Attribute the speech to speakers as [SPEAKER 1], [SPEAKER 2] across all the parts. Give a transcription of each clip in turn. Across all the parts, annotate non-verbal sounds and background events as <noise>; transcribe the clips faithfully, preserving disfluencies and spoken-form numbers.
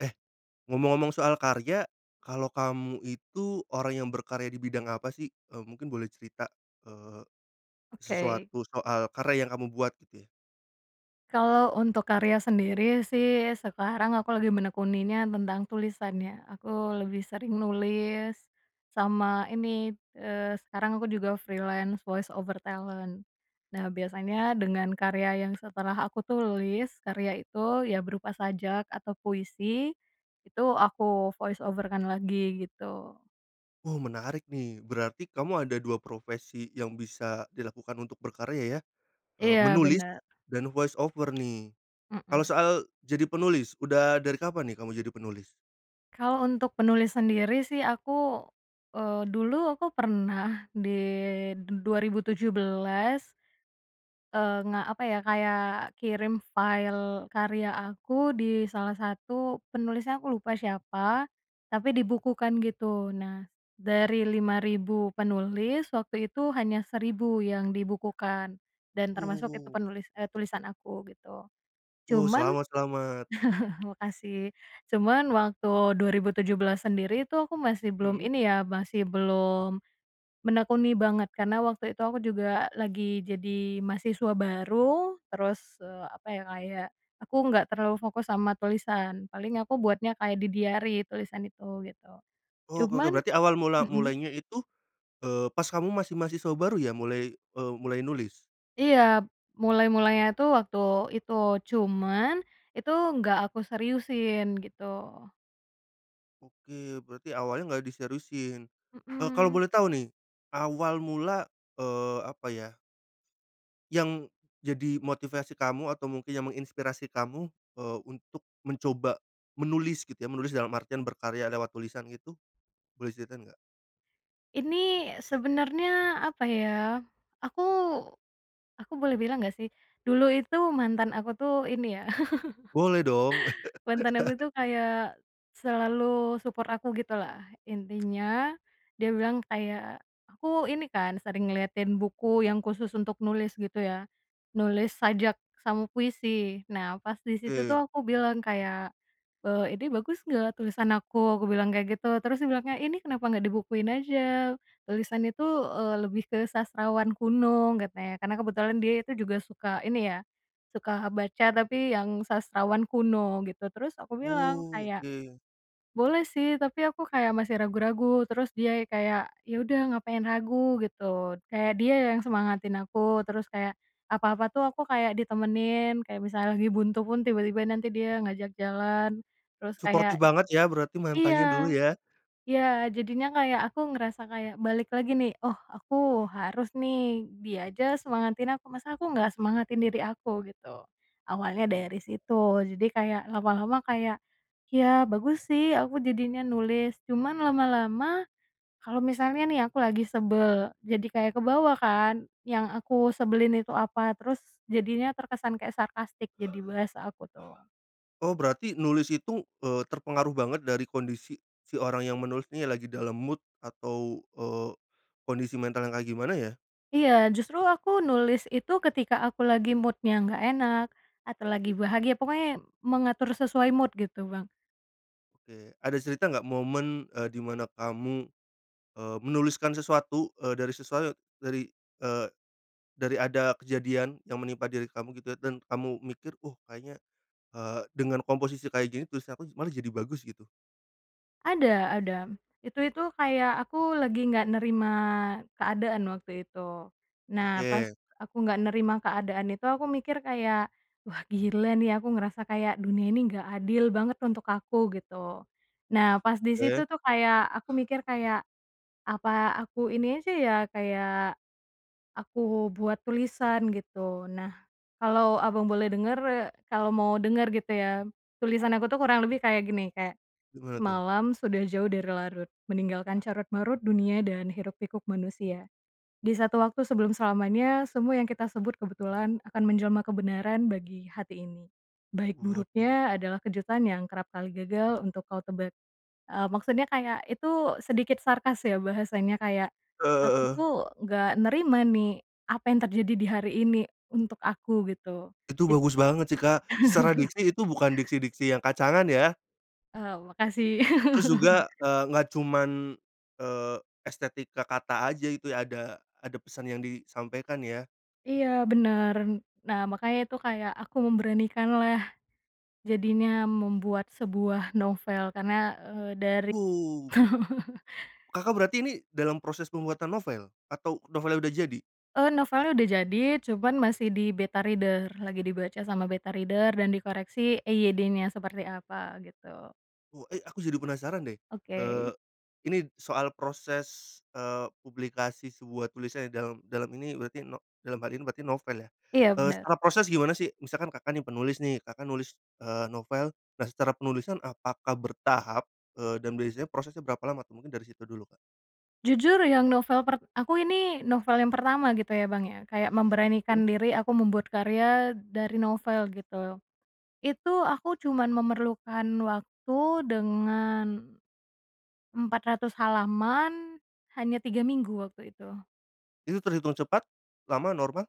[SPEAKER 1] Eh, ngomong-ngomong soal karya, kalau kamu itu orang yang berkarya di bidang apa sih? E mungkin boleh cerita, eee,
[SPEAKER 2] Oke.
[SPEAKER 1] sesuatu soal karya yang kamu buat gitu ya.
[SPEAKER 2] Kalau untuk karya sendiri sih sekarang aku lagi menekuninya tentang tulisan ya aku lebih sering nulis, sama ini, eee, sekarang aku juga freelance voice over talent nah biasanya dengan karya yang setelah aku tulis karya itu ya berupa sajak atau puisi, itu aku voice over kan lagi gitu.
[SPEAKER 1] Oh menarik nih berarti kamu ada dua profesi yang bisa dilakukan untuk berkarya ya? E
[SPEAKER 2] Iya
[SPEAKER 1] menulis,
[SPEAKER 2] benar.
[SPEAKER 1] dan voice over nih, kalau
[SPEAKER 2] Mhm.
[SPEAKER 1] soal, jadi penulis udah dari kapan nih kamu jadi penulis?
[SPEAKER 2] Kalau untuk penulis sendiri sih aku, eee, dulu aku pernah di du dua ribu tujuh belas Eee nga apa ya kayak kirim file karya aku di salah satu penulisnya aku lupa siapa, tapi dibukukan gitu nah, dari lima ribu penulis waktu itu hanya seribu yang dibukukan, dan
[SPEAKER 1] Wow
[SPEAKER 2] termasuk
[SPEAKER 1] wow
[SPEAKER 2] itu
[SPEAKER 1] wow.
[SPEAKER 2] penulis e tulisan aku gitu,
[SPEAKER 1] Wow
[SPEAKER 2] cuman,
[SPEAKER 1] selamat selamat!
[SPEAKER 2] <chuckles> makasih, cuman waktu dua ribu tujuh belas sendiri tuh aku masih belum
[SPEAKER 1] Mhm.
[SPEAKER 2] ini ya masih belum, menekuni banget karena waktu itu aku juga lagi jadi mahasiswa baru terus e apa ya kayak, aku nggak terlalu fokus sama tulisan paling aku buatnya kayak di diary tulisan itu gitu,
[SPEAKER 1] Oh oke oke
[SPEAKER 2] cuman,
[SPEAKER 1] berarti awal mula
[SPEAKER 2] mhm.
[SPEAKER 1] mulainya itu, eee, pas kamu masih mahasiswa baru ya mulai, e mulai nulis?
[SPEAKER 2] Iya, mulai-mulainya tuh waktu itu cuman, itu nggak aku seriusin gitu.
[SPEAKER 1] Oke berarti awalnya nggak diseriusin, e kalau
[SPEAKER 2] Mhm.
[SPEAKER 1] boleh tahu nih, awal mula, eee, apa ya? Yang, jadi motivasi kamu atau mungkin yang menginspirasi kamu e untuk mencoba menulis gitu ya menulis dalam artian berkarya lewat tulisan itu, boleh ceritain nggak?
[SPEAKER 2] Ini sebenarnya apa ya, aku, aku boleh bilang gak sih? Dulu itu mantan aku tuh ini ya.
[SPEAKER 1] Boleh dong.
[SPEAKER 2] <chuckles> Mantan aku
[SPEAKER 1] <laughs>
[SPEAKER 2] tuh kayak, selalu support aku gitu lah intinya, dia bilang kayak, aku ini kan sering ngeliatin buku yang khusus untuk nulis gitu ya, nulis sajak sama puisi nah pas disitu
[SPEAKER 1] Oke.
[SPEAKER 2] tuh aku bilang kayak, eee, "Ini bagus gak tulisan aku?" Aku bilang kayak gitu, terus dia bilang, "Ya ini kenapa gak dibukuin aja?" "tulisan itu," eee, "lebih ke sastrawan kuno," katanya karena kebetulan dia itu juga suka ini ya, suka baca tapi yang sastrawan kuno gitu terus aku bilang
[SPEAKER 1] Oh
[SPEAKER 2] kayak,
[SPEAKER 1] oke.
[SPEAKER 2] "Boleh sih tapi aku kayak masih ragu-ragu," terus dia kayak, "ya udah ngapain ragu?" Gitu kayak dia yang semangatin aku terus kayak, apa-apa tuh aku kayak ditemenin kayak misalnya lagi buntu pun tiba-tiba nanti dia ngajak jalan, terus
[SPEAKER 1] Suportif
[SPEAKER 2] kayak.
[SPEAKER 1] banget ya berarti mantannya dulu
[SPEAKER 2] Iya,
[SPEAKER 1] ya.
[SPEAKER 2] iya jadinya kayak aku ngerasa kayak balik lagi nih, "Oh aku harus nih, dia aja semangatin aku masa aku gak semangatin diri aku" Gitu, awalnya
[SPEAKER 1] Oh.
[SPEAKER 2] dari situ jadi kayak lama-lama kayak, ya bagus sih aku jadinya nulis cuman lama-lama, kalau misalnya nih aku lagi sebel jadi kayak kebawa kan yang aku sebelin itu apa terus jadinya terkesan kayak sarkastik jadi bahasa aku tuh.
[SPEAKER 1] Oh berarti nulis itu e terpengaruh banget dari kondisi, si orang yang menulis nih lagi dalam mood atau, eee, kondisi mental yang kayak gimana ya?
[SPEAKER 2] Iya justru aku nulis itu ketika aku lagi mood nya nggak enak, atau lagi bahagia pokoknya mengatur sesuai mood gitu Bang.
[SPEAKER 1] Oke ada cerita nggak momen e di mana kamu, eee, menuliskan sesuatu e dari sesuau dari, eee, dari ada kejadian yang menimpa diri kamu gitu ya dan kamu mikir, oh kayaknya, eee, dengan komposisi kayak gini tulisan aku malah jadi bagus gitu.
[SPEAKER 2] Ada ada, itu itu kayak aku lagi gak nerima keadaan waktu itu, nah pas
[SPEAKER 1] Oke.
[SPEAKER 2] aku gak nerima keadaan itu aku mikir kayak, "Wah gila nih aku ngerasa kayak dunia ini gak adil banget untuk aku," Gitu. Nah pas di
[SPEAKER 1] Oke.
[SPEAKER 2] situ tuh kayak, aku mikir kayak, apa aku ini aja ya kayak, aku buat tulisan gitu, nah, kalau Abang boleh denger kalau mau denger gitu ya tulisan aku tuh kurang lebih kayak gini, kayak,
[SPEAKER 1] Gimana tuh?
[SPEAKER 2] "Malam sudah jauh dari larut meninggalkan carut-marut dunia dan hiruk-pikuk manusia, di satu waktu sebelum selamanya semua yang kita sebut kebetulan akan menjelma kebenaran bagi hati ini, baik
[SPEAKER 1] Waduh.
[SPEAKER 2] buruknya adalah kejutan yang kerap kali gagal untuk kau tebak,", eee, maksudnya kayak itu sedikit sarkas ya bahasanya kayak,
[SPEAKER 1] Eee heeh
[SPEAKER 2] aku
[SPEAKER 1] heeh.
[SPEAKER 2] tuh nggak nerima nih, apa yang terjadi di hari ini untuk aku gitu,
[SPEAKER 1] Itu
[SPEAKER 2] jad
[SPEAKER 1] bagus banget sih Kak secara
[SPEAKER 2] <chuckles>
[SPEAKER 1] diksi itu bukan diksi-diksi yang kacangan ya.
[SPEAKER 2] Oh makasih.
[SPEAKER 1] Terus juga
[SPEAKER 2] <laughs>
[SPEAKER 1] e nggak cuman, eee, estetika kata aja itu ya ada ada pesan yang disampaikan ya.
[SPEAKER 2] Iya benar, nah makanya itu kayak aku memberanikan lah, jadinya membuat sebuah novel karena, eee, dari
[SPEAKER 1] Wow.
[SPEAKER 2] <laughs>
[SPEAKER 1] Kakak berarti ini dalam proses pembuatan novel? Atau novelnya udah jadi?
[SPEAKER 2] E novelnya udah jadi cuman masih di beta reader lagi dibaca sama beta reader dan dikoreksi EYD-nya seperti apa gitu.
[SPEAKER 1] Wo eh aku jadi penasaran deh, eee,
[SPEAKER 2] Oke.
[SPEAKER 1] ini soal proses, eee, publikasi sebuah tulisan ya dalam dalam ini berarti no dalam hal ini berarti novel ya,
[SPEAKER 2] Iya
[SPEAKER 1] eee,
[SPEAKER 2] benar.
[SPEAKER 1] secara proses gimana sih? Misalkan Kakak nih penulis nih Kakak nulis, eee, novel nah secara penulisan apakah bertahap, eee, dan biasanya prosesnya berapa lama tuh? Mungkin dari situ dulu Kak.
[SPEAKER 2] Jujur yang novel per aku ini novel yang pertama gitu ya Bang ya kayak
[SPEAKER 1] Mhm.
[SPEAKER 2] memberanikan diri aku membuat karya dari novel gitu. Itu aku cuman memerlukan waktu dengan. empat ratus halaman, hanya tiga minggu waktu itu.
[SPEAKER 1] Itu terhitung cepat? Lama? Normal?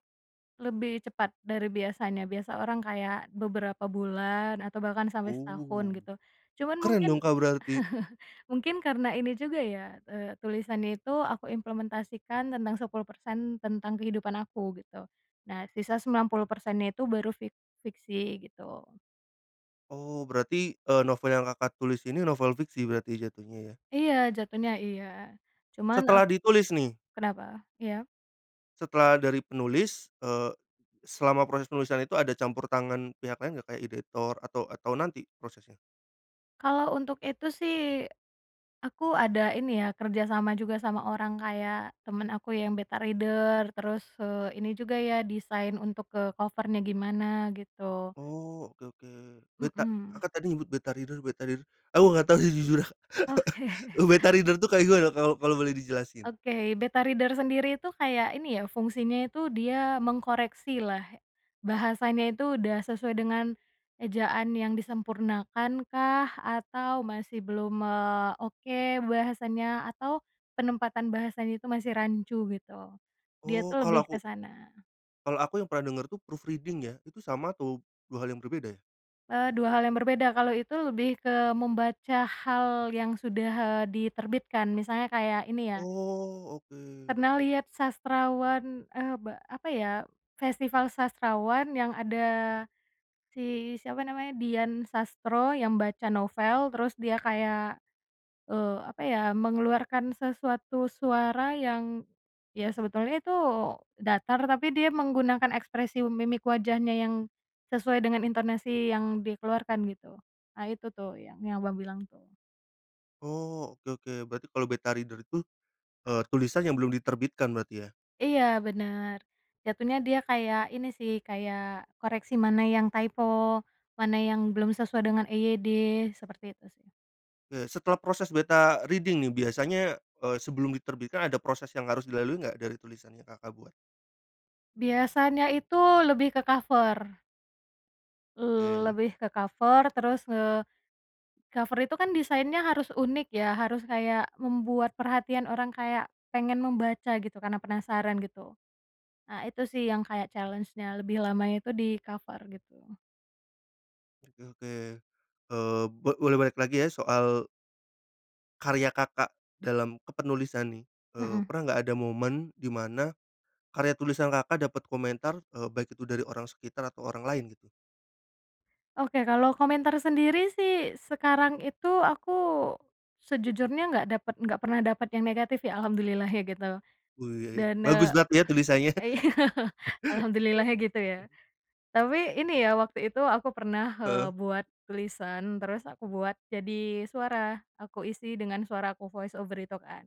[SPEAKER 2] Lebih cepat dari biasanya biasa orang kayak beberapa bulan atau bahkan sampai setahun
[SPEAKER 1] Oh,
[SPEAKER 2] gitu, cuman
[SPEAKER 1] keren
[SPEAKER 2] mungkin,
[SPEAKER 1] dong Kak berarti.
[SPEAKER 2] <chuckles> mungkin karena ini juga ya, eee, tulisannya itu aku implementasikan tentang sepuluh persen tentang kehidupan aku gitu, nah sisa sembilan puluh persen nya itu baru fik fiksi gitu.
[SPEAKER 1] Oh berarti e novel yang Kakak tulis ini novel fiksi berarti jatuhnya ya?
[SPEAKER 2] Iya jatuhnya iya, cuman
[SPEAKER 1] Setelah
[SPEAKER 2] ak
[SPEAKER 1] ditulis nih?
[SPEAKER 2] kenapa? Iya?
[SPEAKER 1] Setelah dari penulis, eee, selama proses penulisan itu ada campur tangan pihak lain nggak? Kayak editor atau atau nanti prosesnya?
[SPEAKER 2] Kalau untuk itu sih, aku ada ini ya kerja sama juga sama orang kayak temen aku yang beta reader terus, eee, ini juga ya desain untuk ke cover-nya gimana gitu.
[SPEAKER 1] Oh oke oke, beta?
[SPEAKER 2] Mhm.
[SPEAKER 1] Kakak tadi nyebut beta reader beta reader aku nggak tahu sih jujur, <chuckles>
[SPEAKER 2] Oke.
[SPEAKER 1] beta reader itu kayak gimana? Kalau kalau boleh dijelasin.
[SPEAKER 2] Oke beta reader sendiri itu kayak ini ya fungsinya itu dia mengkoreksi lah, bahasanya itu udah sesuai dengan, ejaan yang disempurnakan kah atau masih belum, eee, oke bahasanya atau penempatan bahasanya itu masih rancu gitu, dia
[SPEAKER 1] Oh
[SPEAKER 2] tuh
[SPEAKER 1] kalau
[SPEAKER 2] lebih ke
[SPEAKER 1] aku
[SPEAKER 2] sana.
[SPEAKER 1] kalau aku yang pernah denger tuh proofreading ya itu sama atau, dua hal yang berbeda ya?
[SPEAKER 2] Eee dua hal yang berbeda kalau itu lebih ke membaca hal yang sudah, eee, diterbitkan misalnya kayak ini ya
[SPEAKER 1] Oh oke.
[SPEAKER 2] Pernah liat sastrawan e be apa ya, festival sastrawan yang ada, si siapa namanya? Dian Sastro yang baca novel terus dia kayak, eee, apa ya mengeluarkan sesuatu suara yang, ya sebetulnya itu datar tapi dia menggunakan ekspresi mimik wajahnya yang, sesuai dengan intonasi yang dikeluarkan gitu, ah, itu tuh yang yang Abang bilang tuh.
[SPEAKER 1] Oh oke oke berarti kalau beta reader itu e tulisan yang belum diterbitkan berarti ya?
[SPEAKER 2] Iya benar, jatuhnya dia kayak ini sih kayak koreksi mana yang typo mana yang belum sesuai dengan EYD seperti itu sih.
[SPEAKER 1] Oke setelah proses beta reading nih biasanya, e sebelum diterbitkan ada proses yang harus dilalui nggak dari tulisan yang Kakak buat?
[SPEAKER 2] Biasanya itu lebih ke cover. Le
[SPEAKER 1] Baik.
[SPEAKER 2] lebih ke cover terus, eee, cover itu kan desainnya harus unik ya harus kayak membuat perhatian orang kayak, pengen membaca gitu karena penasaran gitu, ah, itu sih yang kayak challenge-nya lebih lamanya itu di cover gitu.
[SPEAKER 1] Oke oke, eee, bo boleh balik lagi ya soal karya Kakak dalam kepenulisan nih, eee,
[SPEAKER 2] Mhm.
[SPEAKER 1] pernah nggak ada momen di mana, karya tulisan Kakak dapat komentar e baik itu dari orang sekitar atau orang lain gitu?
[SPEAKER 2] Oke kalau komentar sendiri sih sekarang itu aku, sejujurnya nggak dapat nggak pernah dapat yang negatif ya alhamdulillahnya gitu.
[SPEAKER 1] Wuih,
[SPEAKER 2] Dan
[SPEAKER 1] bagus
[SPEAKER 2] e
[SPEAKER 1] berarti ya tulisannya.
[SPEAKER 2] iya
[SPEAKER 1] <chuckles>
[SPEAKER 2] alhamdulillahnya gitu ya. Tapi ini ya waktu itu aku pernah, eee,
[SPEAKER 1] Heeh.
[SPEAKER 2] buat tulisan terus aku buat jadi suara, aku isi dengan suara aku voice over itu kan.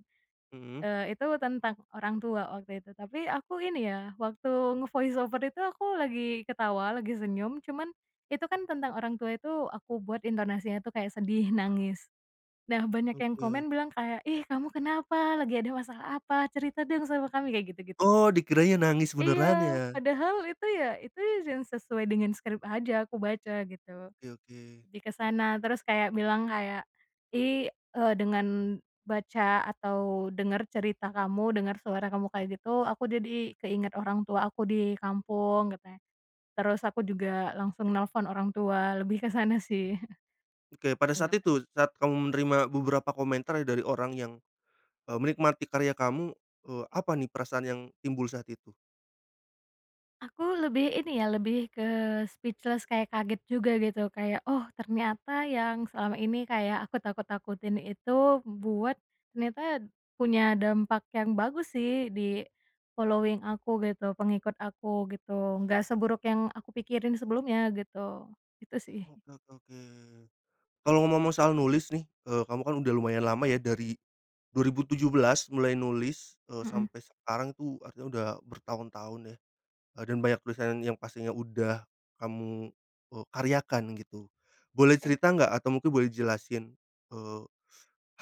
[SPEAKER 1] Mhm.
[SPEAKER 2] Eee, itu tentang orang tua waktu itu tapi aku ini ya waktu nge-voice over itu aku lagi ketawa lagi senyum cuman itu kan tentang orang tua itu aku buat intonasinya tuh kayak sedih, nangis, nah banyak yang
[SPEAKER 1] Oke.
[SPEAKER 2] komen bilang kayak, "Ih kamu kenapa? Lagi ada masalah apa? Cerita dong sama kami." Kayak gitu-gitu.
[SPEAKER 1] Oh dikiranya nangis benaran
[SPEAKER 2] Iya
[SPEAKER 1] ya?
[SPEAKER 2] padahal itu ya itu yang sesuai dengan script aja aku baca gitu.
[SPEAKER 1] Oke oke.
[SPEAKER 2] Lebih ke sana, terus kayak bilang kayak, "Ih", eee, "dengan baca atau dengar cerita kamu dengar suara kamu kayak gitu aku jadi keinget orang tua aku di kampung," katanya. terus aku juga langsung nelpon orang tua lebih kesana sih.
[SPEAKER 1] Oke pada saat
[SPEAKER 2] Tanggapannya.
[SPEAKER 1] itu? Saat kamu menerima beberapa komentar ya dari orang yang e menikmati karya kamu e apa nih perasaan yang timbul saat itu?
[SPEAKER 2] Aku lebih ini ya lebih ke speechless kayak kaget juga gitu kayak oh ternyata yang selama ini kayak aku takut-takutin itu buat, ternyata, punya dampak yang bagus sih di, following aku gitu pengikut aku gitu nggak seburuk yang aku pikirin sebelumnya gitu, itu sih.
[SPEAKER 1] Oke oke oke, kalau ngomong-ngomong soal nulis nih e kamu kan udah lumayan lama ya dari, 2017 mulai nulis e
[SPEAKER 2] Mhm.
[SPEAKER 1] sampai sekarang tuh artinya udah bertahun-tahun ya, e dan banyak tulisan yang pastinya udah, kamu e karyakan gitu, boleh
[SPEAKER 2] Oke.
[SPEAKER 1] cerita nggak? Atau mungkin boleh jelasin, eee,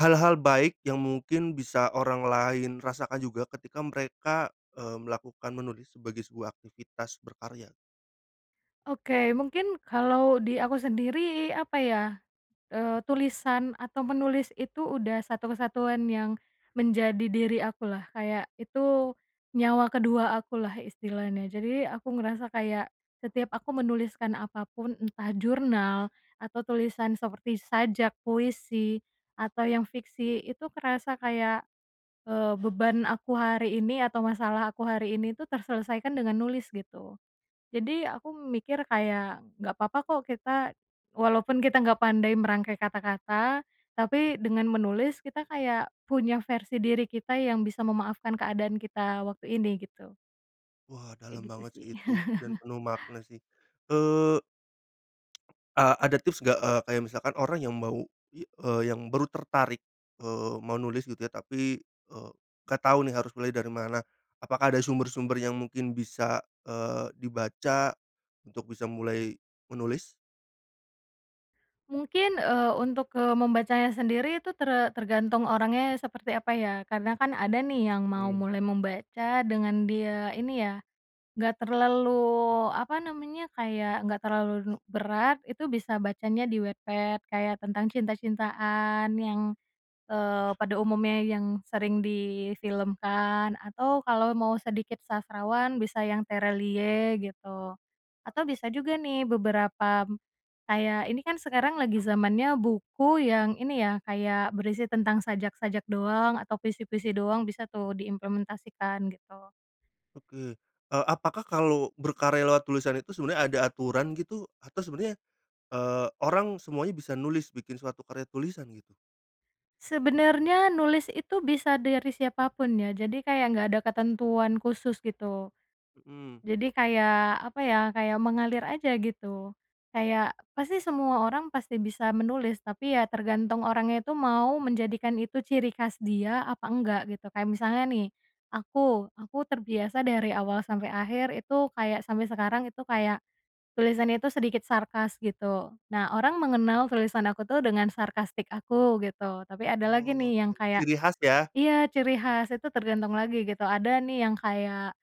[SPEAKER 1] hal-hal baik yang mungkin bisa orang lain rasakan juga ketika mereka, eee, melakukan menulis sebagai sebuah aktivitas berkarya.
[SPEAKER 2] Oke mungkin kalau di aku sendiri apa ya? Eee, tulisan atau menulis itu udah satu kesatuan yang menjadi diri aku lah kayak itu, nyawa kedua aku lah istilahnya jadi aku ngerasa kayak, setiap aku menuliskan apa pun entah jurnal atau tulisan seperti sajak, puisi, atau yang fiksi itu kerasa kayak, eee beban aku hari ini atau masalah aku hari ini itu terselesaikan dengan nulis gitu. Jadi aku mikir kayak, gak apa-apa kok kita, walaupun kita nggak pandai merangkai kata-kata, tapi dengan menulis kita kayak punya versi diri kita yang bisa memaafkan keadaan kita waktu ini gitu.
[SPEAKER 1] Wah
[SPEAKER 2] Kayak
[SPEAKER 1] dalam
[SPEAKER 2] gitu
[SPEAKER 1] banget
[SPEAKER 2] sih.
[SPEAKER 1] sih itu dan
[SPEAKER 2] <chuckles>
[SPEAKER 1] penuh makna sih, eee. <tsk> Ah, ada tips nggak? E kayak misalkan orang yang mau, i eee, yang baru tertarik, eee, mau nulis gitu ya tapi e gak tahu nih harus mulai dari mana, apakah ada sumber-sumber yang mungkin bisa, eee, dibaca, untuk bisa mulai menulis?
[SPEAKER 2] Mungkin, eee, untuk, eee, membacanya sendiri itu tere tergantung orangnya ya seperti apa ya karena kan ada nih yang mau
[SPEAKER 1] Mmm.
[SPEAKER 2] mulai membaca dengan dia ini ya, gak terlalu apa namanya? Kayak gak terlalu nu berat itu bisa bacanya di Wattpad kayak tentang cinta-cintaan yang, eee, pada umumnya yang sering difilmkan atau kalau mau sedikit sastrawan bisa yang Tere Liye gitu, atau bisa juga nih beberapa, kayak ini kan sekarang lagi zamannya buku yang ini ya kayak berisi tentang sajak-sajak doang atau puisi-puisi doang bisa tuh diimplementasikan gitu.
[SPEAKER 1] Oke e apakah kalau berkarya lewat tulisan itu sebenarnya ada aturan gitu? Atau sebenarnya, eee, orang semuanya bisa nulis bikin suatu karya tulisan gitu?
[SPEAKER 2] Sebenarnya nulis itu bisa dari siapa pun ya jadi kayak nggak ada ketentuan khusus gitu.
[SPEAKER 1] Mhm.
[SPEAKER 2] Jadi kayak apa ya kayak mengalir aja gitu, kayak pasti semua orang pasti bisa menulis tapi ya tergantung orangnya itu mau menjadikan itu ciri khas dia apa nggak gitu kayak misalnya nih, aku aku terbiasa dari awal sampai akhir itu kayak sampai sekarang itu kayak, tulisan itu sedikit sarkas gitu nah orang mengenal tulisan aku tuh dengan sarkastik aku gitu tapi ada
[SPEAKER 1] Oh
[SPEAKER 2] lagi nih
[SPEAKER 1] oke
[SPEAKER 2] yang kayak
[SPEAKER 1] ciri khas ya?
[SPEAKER 2] iya ciri khas itu tergantung lagi gitu ada nih yang kayak,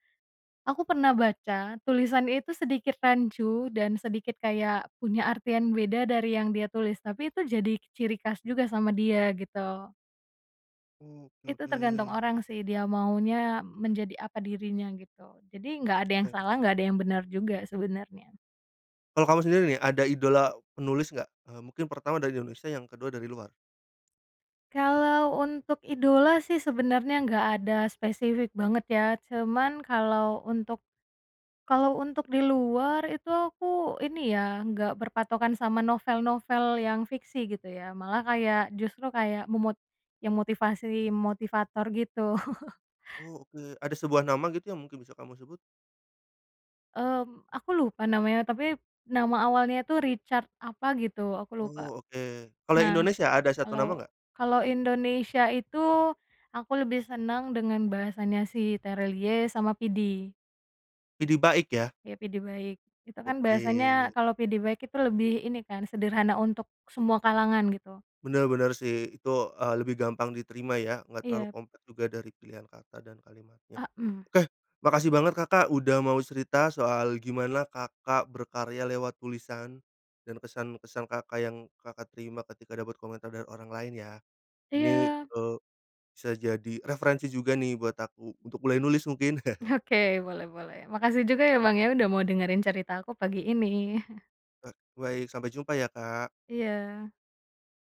[SPEAKER 2] aku pernah baca tulisan itu sedikit rancu dan sedikit kayak punya artian beda dari yang dia tulis tapi itu jadi ciri khas juga sama dia gitu.
[SPEAKER 1] Oh oke
[SPEAKER 2] Itu tergantung
[SPEAKER 1] oke.
[SPEAKER 2] orang sih dia maunya menjadi apa dirinya gitu jadi nggak ada yang
[SPEAKER 1] Oke.
[SPEAKER 2] salah nggak ada yang benar juga sebenarnya.
[SPEAKER 1] Kalau kamu sendiri nih ada idola penulis gak? Eee, mungkin pertama dari Indonesia yang kedua dari luar.
[SPEAKER 2] Kalau untuk idola sih sebenarnya gak ada spesifik banget ya cuman kalau untuk, kalau untuk di luar itu aku ini ya nggak berpatokan sama novel-novel yang fiksi gitu ya malah kayak justru kayak memot yang motivasi motivator gitu. <chuckles>
[SPEAKER 1] Oh oke ada sebuah nama gitu yang mungkin bisa kamu sebut?
[SPEAKER 2] Mmm, aku lupa namanya tapi, nama awalnya tuh Richard apa gitu aku lupa.
[SPEAKER 1] Oh oke, kalau
[SPEAKER 2] Nah,
[SPEAKER 1] Indonesia ada satu
[SPEAKER 2] kalau
[SPEAKER 1] nama nggak?
[SPEAKER 2] kalau Indonesia itu, aku lebih senang dengan bahasanya si Tere Liye sama Pidi.
[SPEAKER 1] Pidi Baiq ya?
[SPEAKER 2] Iya Pidi Baiq, itu kan bahasanya
[SPEAKER 1] Oke.
[SPEAKER 2] kalau Pidi Baiq itu lebih ini kan sederhana untuk semua kalangan gitu.
[SPEAKER 1] Benar benar sih itu, e lebih gampang diterima ya nggak terlalu
[SPEAKER 2] Iya.
[SPEAKER 1] kompleks juga dari pilihan kata dan kalimatnya,
[SPEAKER 2] Mhm.
[SPEAKER 1] oke, makasih banget Kakak udah mau cerita soal gimana Kakak berkarya lewat tulisan, dan kesan-kesan Kakak yang Kakak terima ketika dapat komentar dari orang lain ya. Ini,
[SPEAKER 2] Iya.
[SPEAKER 1] eee, bisa jadi referensi juga nih buat aku untuk mulai nulis mungkin. <chuckles>
[SPEAKER 2] Oke boleh boleh makasih juga ya Bang ya udah mau dengerin ceritaku pagi ini. <chuckles>
[SPEAKER 1] Ba baik, sampai jumpa ya Kak.
[SPEAKER 2] Iya.